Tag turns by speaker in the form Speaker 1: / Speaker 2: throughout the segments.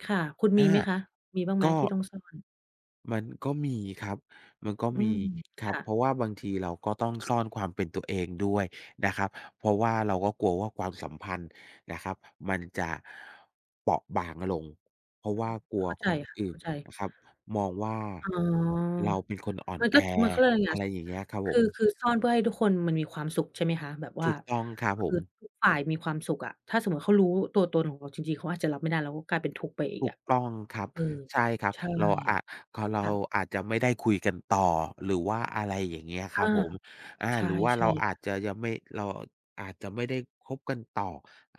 Speaker 1: ค่ะ คุณม
Speaker 2: อ
Speaker 1: ี
Speaker 2: า
Speaker 1: ไหมคะ มีบ้างไห
Speaker 2: ก
Speaker 1: ม
Speaker 2: ็
Speaker 1: ที่ต้องซ่อน?
Speaker 2: มันก็มีครับ มันก็
Speaker 1: อื
Speaker 2: มี
Speaker 1: ม
Speaker 2: คร
Speaker 1: ค
Speaker 2: ับ
Speaker 1: ่ะ
Speaker 2: เพราะว่าบางทีเราก็ต้องซ่อนความเป็นตัวเองด้วยนะครับ เพราะว่าเราก็กลัวว่าความสัมพันธ์นะครับ มันจะ เปราะบางลง เพราะ
Speaker 1: อื
Speaker 2: ว่า
Speaker 1: ม
Speaker 2: กลัว
Speaker 1: เข้าใจ
Speaker 2: คน
Speaker 1: ค่ะ
Speaker 2: อื่
Speaker 1: เข้
Speaker 2: น
Speaker 1: าใจ
Speaker 2: นะครับ มองว่า
Speaker 1: อ๋อ
Speaker 2: เราเป็นคนอ่อนแ
Speaker 1: ก
Speaker 2: อ
Speaker 1: ๊อด มัน เขาเรียกว่ายังไ
Speaker 2: อ
Speaker 1: ง
Speaker 2: ะไรอย่างเงี้ยครับ
Speaker 1: ค
Speaker 2: ผ
Speaker 1: ือ
Speaker 2: ม
Speaker 1: คือซ่อนเพื่อให้ทุกคนมันมีความสุข ใช่ไหมคะ แบบว
Speaker 2: ถ
Speaker 1: ่า
Speaker 2: ูกต้องครับ
Speaker 1: ค
Speaker 2: ผ
Speaker 1: ือ
Speaker 2: ม
Speaker 1: ทุกฝ่ายมีความสุขอะ ถ้าสมมติว่าเขารู้ตัวตนของเราจริง ๆ เขาอาจจะรับไม่ได้ แล้วกลายเป็นทุกข์ไปอี
Speaker 2: ถ
Speaker 1: ก
Speaker 2: ู
Speaker 1: อ
Speaker 2: ก
Speaker 1: ะ
Speaker 2: ต้องครับ
Speaker 1: เออ
Speaker 2: ใช่ครับ
Speaker 1: ใช่
Speaker 2: เราอะ พอเร
Speaker 1: ค
Speaker 2: า
Speaker 1: ่ะ
Speaker 2: อาจจะไม่ได้คุยกันต่อ หรือว่า อะไรอย่างเงี้ย ค
Speaker 1: อ
Speaker 2: รั
Speaker 1: า
Speaker 2: บผม อา
Speaker 1: ใช่
Speaker 2: หรือว่า
Speaker 1: ใช
Speaker 2: เร
Speaker 1: ่
Speaker 2: าอ
Speaker 1: ค
Speaker 2: า
Speaker 1: ่
Speaker 2: จ
Speaker 1: ะ
Speaker 2: จะยังไม่ เราอาจจะไม่ได้คบกันต่อ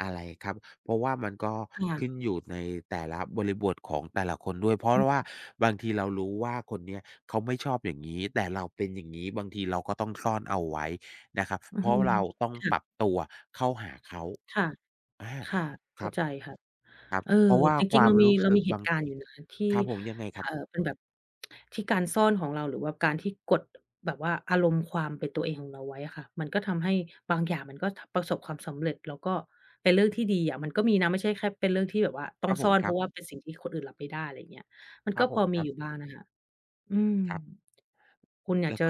Speaker 2: อะไรครับ เพราะว่ามันก็
Speaker 1: ค่
Speaker 2: ข
Speaker 1: ะ
Speaker 2: ึ้นอยู่ในแต่ละบริบทของแต่ละคนด้วย เพราะ
Speaker 1: อ
Speaker 2: ร ว่า
Speaker 1: ือ
Speaker 2: บางทีเรารู้ว่าคนนี้เขาไม่ชอบอย่างงี้ แต่เราเป็นอย่างงี้ บางทีเราก็ต้องซ่อนเอาไว้นะครับ
Speaker 1: อื
Speaker 2: เ
Speaker 1: อ
Speaker 2: พรา
Speaker 1: ฮ
Speaker 2: ะ
Speaker 1: ึ
Speaker 2: ว่าเราต้อง
Speaker 1: ค่
Speaker 2: ป
Speaker 1: ะ
Speaker 2: รับตัวเข้าหาเขา
Speaker 1: ค่ะ
Speaker 2: อา
Speaker 1: ค่ะ เ
Speaker 2: ค
Speaker 1: ข้
Speaker 2: รั
Speaker 1: า
Speaker 2: บ
Speaker 1: ใจค่ะ
Speaker 2: ครับ
Speaker 1: เออ
Speaker 2: เพราะว่า
Speaker 1: จ
Speaker 2: ค
Speaker 1: ริ
Speaker 2: ว
Speaker 1: ง
Speaker 2: า
Speaker 1: ๆ เร
Speaker 2: ม
Speaker 1: าม
Speaker 2: ร
Speaker 1: ี
Speaker 2: ู้
Speaker 1: เร
Speaker 2: ส
Speaker 1: า
Speaker 2: ึก
Speaker 1: มีเห
Speaker 2: บา
Speaker 1: ต
Speaker 2: ง
Speaker 1: ุการณ์อยู่นะที
Speaker 2: ค
Speaker 1: ่
Speaker 2: รับผม ยังไง
Speaker 1: เ
Speaker 2: คร
Speaker 1: อ
Speaker 2: ั
Speaker 1: ่
Speaker 2: บ?
Speaker 1: อ เป็นแบบ ที่การซ่อนของเรา หรือว่าการที่กด แบบว่าอารมณ์ความเป็นตัวเองของเราไว้อะค่ะ มันก็ทำให้บางอย่างมันก็ ท ประสบความสำเร็จ แล้วก็เป็นเรื่องที่ดีอะ มันก็มีนะ ไม่ใช่แค่เป็นเรื่องที่แบบว่าต
Speaker 2: ค
Speaker 1: ้อ
Speaker 2: รั
Speaker 1: ง
Speaker 2: บผ
Speaker 1: ซ่
Speaker 2: ม
Speaker 1: อน
Speaker 2: ค
Speaker 1: เ
Speaker 2: ร
Speaker 1: พ
Speaker 2: ั
Speaker 1: ร
Speaker 2: บ
Speaker 1: าะว่าเป็นสิ่งที่คนอื่นรับไม่ได้ ไรอย่างเงี้ย มัน
Speaker 2: คร
Speaker 1: ก
Speaker 2: ั
Speaker 1: ็
Speaker 2: บผ
Speaker 1: พ
Speaker 2: ม
Speaker 1: อ
Speaker 2: ค
Speaker 1: ม
Speaker 2: ร
Speaker 1: ี
Speaker 2: ับ
Speaker 1: อยู่บ้างอะค่ะ อือ
Speaker 2: ครับ
Speaker 1: คุณอย
Speaker 2: แล
Speaker 1: าก
Speaker 2: ้ว
Speaker 1: จ
Speaker 2: ก
Speaker 1: ะ
Speaker 2: ็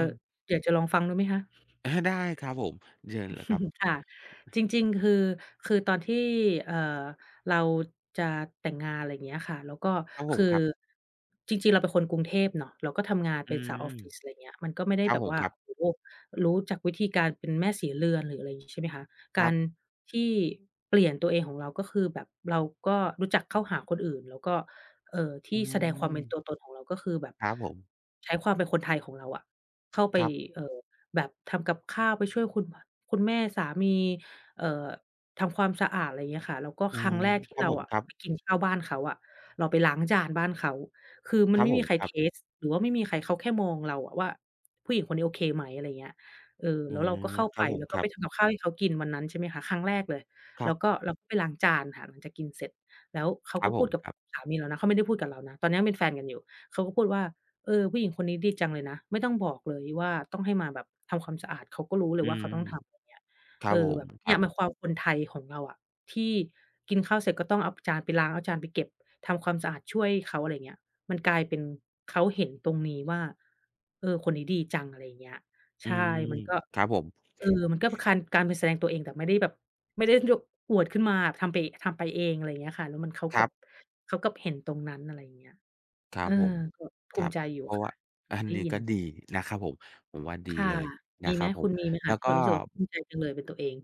Speaker 1: อยากจะลองฟังดูไหมคะ?
Speaker 2: อา ได้ครับผม เชิญเลยครับ
Speaker 1: ค่ะ จริง ๆ คือ คือตอนที่ เอ่อ เราจะแต่งงาน ไรเงี้ยค่ะ แล้วก็
Speaker 2: ครับผ
Speaker 1: คื
Speaker 2: ม ค
Speaker 1: อ
Speaker 2: รับ
Speaker 1: จริง ๆ เราเป็นคนกรุงเทพเนาะ เราก็ทำงาน
Speaker 2: อ
Speaker 1: เ
Speaker 2: ื
Speaker 1: ป็นสาว
Speaker 2: ม
Speaker 1: ออฟฟิศ ไรเงี้ย มันก็ไม่ได้
Speaker 2: ครับ
Speaker 1: แบบ
Speaker 2: ผม
Speaker 1: ว่า
Speaker 2: ครับ
Speaker 1: โอ้โฮ รู้จักวิธีการเป็นแม่ศรีเรือน หรืออะไรงี้ ใช่ไหมคะ
Speaker 2: ค
Speaker 1: ก
Speaker 2: ร
Speaker 1: า
Speaker 2: ับ
Speaker 1: รที่เปลี่ยนตัวเองของเรา ก็คือแบบเราก็รู้จักเข้าหาคนอื่น แล้วก็ เอ่อ ท
Speaker 2: อื
Speaker 1: ี่แสดงความเป็น
Speaker 2: ม
Speaker 1: ตัวตนของเรา ก็คือแบบ
Speaker 2: ครับผม
Speaker 1: ใช้ความเป็นคนไทยของเราอะ เข้าไป
Speaker 2: ครับ
Speaker 1: เอ่อ แบบทำกับข้าว ไปช่วยคุณ พ คุณแม่สามี เอ่อ ทำความสะอาด ไรเงี้ยค่ะ แล้วก็
Speaker 2: อื
Speaker 1: ครั
Speaker 2: ม
Speaker 1: ้งแรกท
Speaker 2: ค
Speaker 1: ี่
Speaker 2: รับ
Speaker 1: เร
Speaker 2: ผ
Speaker 1: า
Speaker 2: ม
Speaker 1: อะ
Speaker 2: ครับ
Speaker 1: ไปกินข้าวบ้านเขาอะ เราไปล้างจานบ้านเขา คือม
Speaker 2: ค
Speaker 1: ั
Speaker 2: ร
Speaker 1: น
Speaker 2: ั
Speaker 1: ไ
Speaker 2: บ
Speaker 1: ม่
Speaker 2: ผ
Speaker 1: มี
Speaker 2: ม
Speaker 1: ใคร
Speaker 2: คร
Speaker 1: เ
Speaker 2: ั
Speaker 1: ท
Speaker 2: บ
Speaker 1: สต์ หรือว่าไม่มีใคร เขาแค่มองเราอะว่า "ผู้หญิงคนนี้โอเคไหม" อะไรเงี้ยค่ะ เออ
Speaker 2: อื
Speaker 1: แล้วเรา
Speaker 2: ม
Speaker 1: ก็เข้า
Speaker 2: คร
Speaker 1: ไ
Speaker 2: ั
Speaker 1: ป
Speaker 2: บผม
Speaker 1: แล้ว
Speaker 2: ค
Speaker 1: ก็
Speaker 2: รั
Speaker 1: ไป
Speaker 2: บ
Speaker 1: ทำกับข้าวให้เขากินวันนั้น ใช่ไหมคะ ครั้งแรกเลย
Speaker 2: คร
Speaker 1: แ
Speaker 2: ั
Speaker 1: ล้
Speaker 2: บ
Speaker 1: วก็เราก็ไปล้างจานค่ะ หลังจากกินเสร็จ แล้วเขา
Speaker 2: คร
Speaker 1: ก
Speaker 2: ับ
Speaker 1: ็พ
Speaker 2: ผ
Speaker 1: ูด
Speaker 2: ม
Speaker 1: กับ
Speaker 2: ครับ
Speaker 1: สามีเรานะ เขาไม่ได้พูดกับเรานะ ตอนนั้นเป็นแฟนกันอยู่ เขาก็พูดว่า "เออ ผู้หญิงคนนี้ดีจังเลยนะ ไม่ต้องบอกเลยว่า ต้องให้มาแบบทำความสะอาด เขาก็รู้เล
Speaker 2: อื
Speaker 1: ยว่าเ
Speaker 2: ม
Speaker 1: ขาต้องทำ" อย่างเงี้ย
Speaker 2: ครั
Speaker 1: เอ
Speaker 2: บผ
Speaker 1: อ แ
Speaker 2: ม
Speaker 1: บบ
Speaker 2: ค
Speaker 1: เน
Speaker 2: ร
Speaker 1: ี
Speaker 2: ั
Speaker 1: ่
Speaker 2: บ
Speaker 1: ย มันความคนไทยของเราอะ ที่กินข้าวเสร็จก็ต้องเอา ป จานไปล้าง เอาจานไปเก็บ ทำความสะอาดช่วยเขา อะไรเงี้ย มันกลายเป็นเขาเห็นตรงนี้ว่า "เออ คนนี้ดีจัง" อะไรอย่างเงี้ย
Speaker 2: อ
Speaker 1: ใ
Speaker 2: ื
Speaker 1: ช่
Speaker 2: ม
Speaker 1: มันก็
Speaker 2: ครับผม
Speaker 1: เออ มันก็เป็นคาน การเป็นแสดงตัวเอง แต่ไม่ได้แบบ ไม่ได้ [unintelligible] อวดขึ้นมาอะ ทำไปเอะ ทำไปเอง อะไรอย่างเงี้ยค่ะ แล้วมัน เขา
Speaker 2: ค
Speaker 1: ก
Speaker 2: ร
Speaker 1: ลั
Speaker 2: ั
Speaker 1: บ
Speaker 2: บ
Speaker 1: เขากลับเห็นตรงนั้น อะไรอย่างเงี้ย
Speaker 2: คร
Speaker 1: เ
Speaker 2: ั
Speaker 1: อ
Speaker 2: บ
Speaker 1: อ
Speaker 2: ผม
Speaker 1: ก็ภ
Speaker 2: ค
Speaker 1: ู
Speaker 2: ร
Speaker 1: ม
Speaker 2: ับ
Speaker 1: ิใจอยู
Speaker 2: เ
Speaker 1: ่
Speaker 2: พราะ
Speaker 1: ค
Speaker 2: ว่
Speaker 1: ่ะ
Speaker 2: า
Speaker 1: ค่
Speaker 2: อั
Speaker 1: ะ
Speaker 2: น
Speaker 1: ได้
Speaker 2: นี้
Speaker 1: ยิ
Speaker 2: ก
Speaker 1: น
Speaker 2: ็ดีนะครับผม ผมว่าดี
Speaker 1: ค่ะ
Speaker 2: เลย
Speaker 1: ม
Speaker 2: น
Speaker 1: ี
Speaker 2: ะ
Speaker 1: ไ
Speaker 2: ค
Speaker 1: ห
Speaker 2: ร
Speaker 1: ม?
Speaker 2: ับผ
Speaker 1: คุ
Speaker 2: ม
Speaker 1: ณมีไหม
Speaker 2: แ
Speaker 1: ค
Speaker 2: ล
Speaker 1: ะ
Speaker 2: ้
Speaker 1: ท
Speaker 2: ว
Speaker 1: ี่
Speaker 2: ก
Speaker 1: แ
Speaker 2: ็
Speaker 1: บบรู้สึกว่า ภูมิใจจังเลยเป็นตัวเอง?